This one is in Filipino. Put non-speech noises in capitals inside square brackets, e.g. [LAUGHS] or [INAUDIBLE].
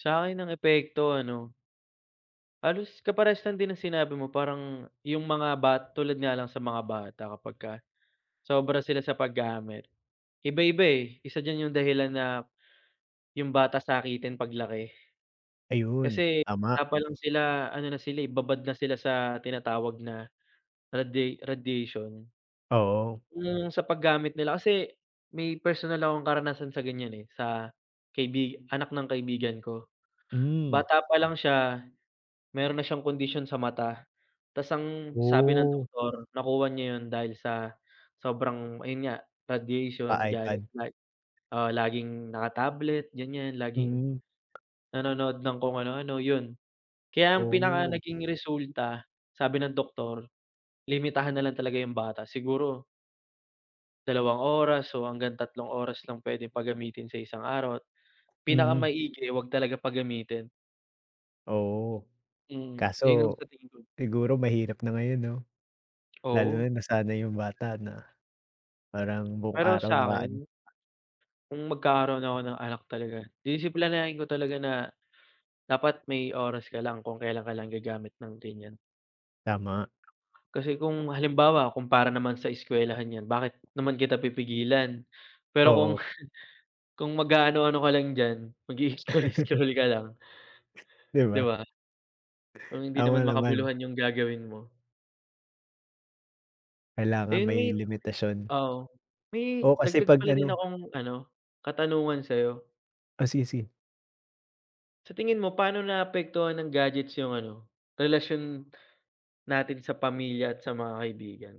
Sa'kin ang epekto ano halos kaparehas lang din ng sinabi mo parang 'yung mga bat tulad nga lang sa mga bata kapagka sobra sila sa paggamit. Iba-iba eh, isa diyan 'yung dahilan na, 'yung bata sakitin paglaki. Ayun. Kasi Tama. bata pa lang sila ano na sila eh, babad na sila sa tinatawag na radia radiation. Oo. 'Yung sa paggamit nila kasi may personal akong karanasan sa ganyan eh, sa kaibig anak ng kaibigan ko. Hmm. Bata pa lang siya, meron na siyang kondisyon sa mata. Ta's ang sabi ng Oh. doktor nakuha niya yun dahil sa sobrang, ayun nga, radiation, gadget Pa-iPad. like oo, laging naka-tablet ganyan laging, Mm. nanonood ng kung anu-ano, yun. Kaya ang pinaka Oh. naging resulta, sabi ng doktor, limitahan na lang talaga 'yung bata. Siguro 2 oras o hanggang 3 oras lang pwedeng pagamitin sa isang araw at Mm. pinakamaigi 'wag talaga pagamitin. Oo. Mm, yun ang Kaso, sa tingin ko. siguro mahirap na ngayon 'no? Lalo Oo. na nasanay 'yung bata na, parang buong Pero araw na ano sa'kin, kung magkakaroon ako ng anak talaga, disiplinahin ko talaga na, dapat may oras ka lang kung kailan ka lang gagamit ng ganyan. Tama. Kasi kung halimbawa kung para naman sa eskwelahan 'yan, bakit naman kita pipigilan? Pero kung Oo. [CHUCKLES] kung mag-aano-ano ka lang diyan, [LAUGHS] mag-ii-scroll-scroll ka lang 'Di 'Di ba? ba? Kung hindi Tama naman naman. makabuluhan 'yung gagawin mo Kailangan Ayun may may limitasyon. oo. May Oo, kasi dagdag 'pag pala din ano akong ano, katanungan sa'yo. O sige, sige. Sa tingin mo paano naapektuhan ng gadgets 'yung ano, relasyon natin sa pamilya at sa mga kaibigan?